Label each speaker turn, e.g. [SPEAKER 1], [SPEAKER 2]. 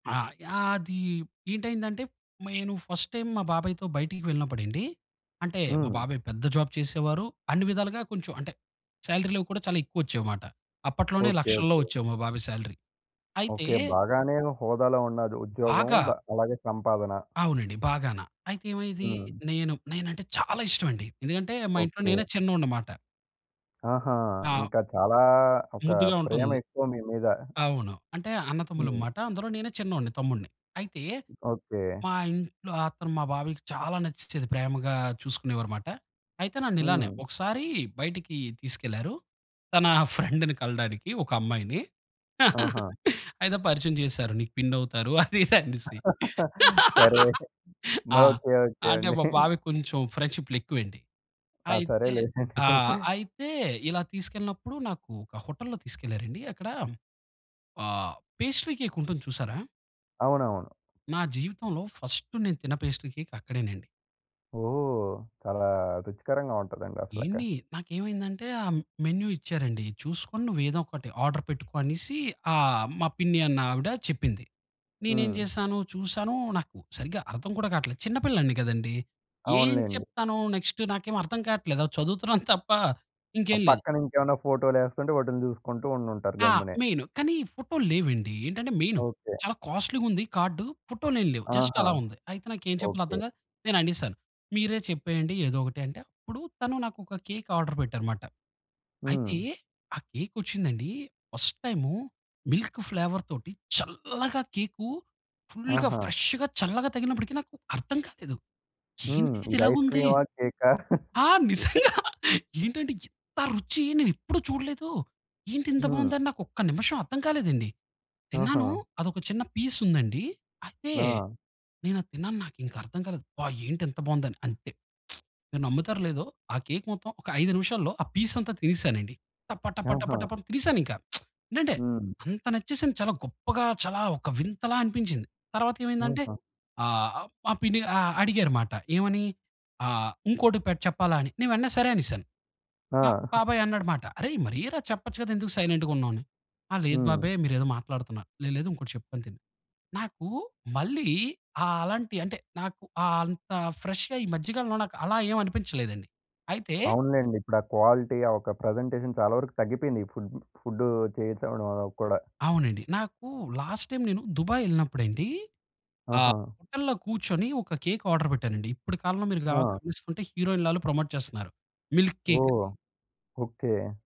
[SPEAKER 1] ఆ! యాది ఏంటైందంటే, నేను ఫస్ట్ టైమ్ మా బాబాయి‌తో బయటికి వెళ్ళినప్పుడండి, అంటే మా
[SPEAKER 2] హ్మ్.
[SPEAKER 1] బాబాయి పెద్ద జాబ్ చేసేవారు, అన్ని విధాలుగా కొంచెం అంటే, సాలరీలవి కూడా చాలా ఎక్కువొచ్చేవిమాట. అప్పట్లోనే
[SPEAKER 2] ఓకే.
[SPEAKER 1] లక్షల్లో
[SPEAKER 2] ఓకే.
[SPEAKER 1] వచ్చేవి మా బాబాయి సాలరీ. అయితే
[SPEAKER 2] ఓకే. బాగానే ఒక హోదాలో ఉన్నాది ఉద్యోగం,
[SPEAKER 1] బాగా.
[SPEAKER 2] బ అలాగే సంపాదన.
[SPEAKER 1] అవునండి బాగాన. అయితే ఏమయ్యేదీ,
[SPEAKER 2] హ్మ్.
[SPEAKER 1] నేను నేనంటే చాల ఇష్టమండి. ఎందుకంటే మా ఇంట్లో
[SPEAKER 2] ఓకే.
[SPEAKER 1] నేనే చిన్నోడ్నిమాట.
[SPEAKER 2] ఆహా!
[SPEAKER 1] ఆ!
[SPEAKER 2] ఇంకా చాలా ఒక
[SPEAKER 1] ముద్దుగా ఉంటుంది.
[SPEAKER 2] ప్రేమెక్కువ మీ మీద.
[SPEAKER 1] అవును. అంటే
[SPEAKER 2] హ్మ్.
[SPEAKER 1] అన్నతమ్ములంమాట, అందులో నేనే చిన్నోడ్ని తమ్ముడ్ని. అయితే,
[SPEAKER 2] ఓకే.
[SPEAKER 1] మా ఇంట్లో అతను మా బాబాయికి చాలా నచ్చేచేది, ప్రేమగా చూసుకునేవారుమాట. అయితే నన్నిలానే,
[SPEAKER 2] హ్మ్.
[SPEAKER 1] ఒకసారి బయటికి తీసుకెళ్లారు, తనా ఫ్రెండుని కలడానికి, ఒక అమ్మాయిని.
[SPEAKER 2] ఆహా!
[SPEAKER 1] అయితే పరిచయం చేశారు, నీకు పిన్నవుతారు అది ఇదనేసి.
[SPEAKER 2] సరే.
[SPEAKER 1] ఆ!
[SPEAKER 2] ఓకే. ఓకే
[SPEAKER 1] అంటే
[SPEAKER 2] అండి.
[SPEAKER 1] మా బాబాయి కొంచెం ఫ్రెండ్‌షిప్పు‌లెక్కువండి.
[SPEAKER 2] ఆ!
[SPEAKER 1] అయితే
[SPEAKER 2] సరేలే.
[SPEAKER 1] ఆ! అయితే, ఇలా తీసుకెళ్ళినప్పుడు నాకు ఒక హోటల్‌లో తీసుకెళ్లారండి, అక్కడా ఆహ్, పేస్ట్రీ‌ కేకుంటుంది చూసారా!
[SPEAKER 2] అవునవును.
[SPEAKER 1] నా జీవితంలో ఫస్టు నేను తిన్న పేస్ట్రీ కేక్ అక్కడేనండి.
[SPEAKER 2] ఓహ్! చాలా రుచికరంగా ఉంటదండి అసలక.
[SPEAKER 1] ఏండీ! నాకేమైందంటే, ఆ మెన్యూ ఇచ్చారండి, "చూసుకొని నువ్వేదో ఒకటి ఆర్డర్ పెట్టుకో" అనేసీ, ఆహ్, మా పిన్ని అన్నావిడ చెప్పింది. నేనేం
[SPEAKER 2] హ్మ్.
[SPEAKER 1] చేసాను, చూసానూ, నాకు సరిగా అర్థం కూడా కాట్లేదు. చిన్నపిల్లాడిని కదండీ! ఏం
[SPEAKER 2] అవునులేండి.
[SPEAKER 1] చెప్తాను, నెక్స్టు నాకేం అర్థం కాట్లేదు. అలా చదువుతున్నాను తప్ప
[SPEAKER 2] ఆ
[SPEAKER 1] ఇంకేం లేదు.
[SPEAKER 2] పక్కనింకేమన్నా ఫోటో‌లేస్తుంటే, వాటిని చూసుకుంటూ ఉండుంటారు
[SPEAKER 1] ఆ!
[SPEAKER 2] గమ్మునే.
[SPEAKER 1] మెయిను, కానీ ఫోటోలు లేవండి. ఏంటంటే, మెయిను
[SPEAKER 2] ఓకే.
[SPEAKER 1] చాలా కాస్ట్లీగుంది కార్డు. పొటోలేం లేవు, జస్ట్
[SPEAKER 2] ఆహా!
[SPEAKER 1] అలా ఉంది. అయితే నాకెం చెప్పాలో అర్థం
[SPEAKER 2] ఓకే.
[SPEAKER 1] కాక నేననేసాను, మీరే చెప్పేయండి ఏదో ఒకటి అంటే, అప్పుడు తను నాకొక కేక్ ఆర్డర్ పెట్టారుమాట. అయితే,
[SPEAKER 2] హ్మ్.
[SPEAKER 1] ఆ కేకొచ్చిందండీ, ఫస్ట్‌ టైము, మిల్క్ ఫ్లేవర్‌తోటి చల్లగ కేకు ఫుల్‌గా,
[SPEAKER 2] ఆహా!
[SPEAKER 1] ఫ్రెష్‌గా, చల్లగా తగిలినప్పుడికి నాకు అర్థం కాలేదు.
[SPEAKER 2] హ్మ్.
[SPEAKER 1] ఏంటిది
[SPEAKER 2] ఇది
[SPEAKER 1] ఇలాగుంది!
[SPEAKER 2] ఐస్‌క్రీమా! కేకా!
[SPEAKER 1] ఆ! నిజంగా
[SPEAKER 2] హ్మ్.
[SPEAKER 1] ఏంటంటే ఇంత రుచి నేనెప్పుడు చూడలేదూ, ఏంటింత
[SPEAKER 2] హ్మ్.
[SPEAKER 1] బావుందని నాకొక్క నిమిషం అర్థం కాలేదండి. తిన్నానూ,
[SPEAKER 2] ఆహా!
[SPEAKER 1] అదొక చిన్న పీసుందండీ, అయితే
[SPEAKER 2] ఆ!
[SPEAKER 1] నేనది తిన్నాను, నాకింకా అర్థం కాలేదు, అబ్బా! ఏంటింత బాగుందని. అంతే, మీరు నమ్ముతారో లేదో, ఆ కేకు మొత్తం ఒక 5 నిమిషాల్లో, ఆ పీసంతా తినేసానండి. టప టప టప
[SPEAKER 2] ఆహా!
[SPEAKER 1] టప తినేసానింకా. ఏంటంటే,
[SPEAKER 2] హ్మ్.
[SPEAKER 1] అంత నచ్చేసింది చాలా గొప్పగా, చాలా ఒక వింతలా అనిపించింది. తరవాతేమైందంటే,
[SPEAKER 2] ఆహా!
[SPEAKER 1] ఆహ్, అహ్, మా పిన్ని అ అడిగారుమాట. ఏమని, ఆహ్, ఇంకోటి పె చెప్పాలా అని. నేను వెంట‌నే సరే అనేశాను. మా
[SPEAKER 2] ఆ!
[SPEAKER 1] బాబాయి అన్నాడుమాట, "అరేయ్! మరేరా, చెప్పచ్చు కదా, ఎందుకు సైలెంటుగున్నావు?" అని. ఆ! లేదు
[SPEAKER 2] హ్మ్.
[SPEAKER 1] బాబాయి మీరేదో మాట్లాడుతున్నారు. "లేదు, లేదు, ఇంకోటి చెప్పుకొని తిను." నాకూ మళ్ళీ ఆ అలాంటి అంటే, నాకు ఆ అంత ఫ్రెష్‌గా, ఈ మధ్యకాలంలో, నాకు అలా ఏం అనిపించలేదండి. అయితే
[SPEAKER 2] అవునులేండి. ఇప్పుడా క్వాలిటీ, ఆ ఒక ప్రజెంటేషన్ చాలా వరకు తగ్గిపోయింది ఈ ఫుడ్ ఫుడ్డు చేసేవాడు వాళ్ళకి కూడా.
[SPEAKER 1] అవునండి. నాకు లాస్ట్‌ టైమ్ నేను దుబాయ్ యెళ్ళినప్పుడండీ, ఆహ్,
[SPEAKER 2] ఆహా!
[SPEAKER 1] హోటల్‌లో కూర్చొని, ఒక కేక్ ఆర్డర్ పెట్టానండి, ఇప్పడి కాలంలో మీరు గ
[SPEAKER 2] ఆ!
[SPEAKER 1] గమనిస్తుంటే, హీరోయిన్లు ఆల్లు ప్రమోట్ చేస్తున్నారు. మిల్క్‌కేక్ అని.
[SPEAKER 2] ఓహ్! ఓకే.